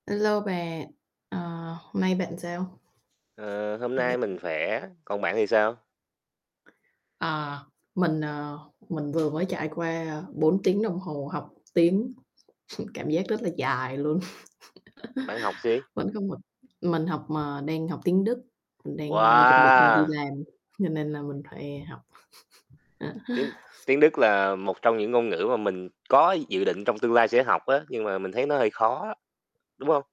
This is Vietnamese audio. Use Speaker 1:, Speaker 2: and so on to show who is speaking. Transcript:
Speaker 1: A lô bạn, ờ, hôm nay bạn sao?
Speaker 2: Ờ, hôm nay
Speaker 1: [unintelligible]
Speaker 2: mình khỏe, còn bạn thì sao?
Speaker 1: Ờ, mình, à, mình vừa mới trải qua 4 tiếng đồng hồ học tiếng, cảm giác rất là dài luôn.
Speaker 2: Bạn học gì?
Speaker 1: Vẫn còn học, mình học mờ đang học tiếng Đức, mình đang, a, chuẩn bị mình đi
Speaker 2: Wow!
Speaker 1: làm cho nên là mình phải học.
Speaker 2: Tiếng tiếng Đức là một trong những ngôn ngữ mà mình có dự định trong tương lai sẽ học á, nhưng mà mình thấy nó hơi khó á, đúng hông?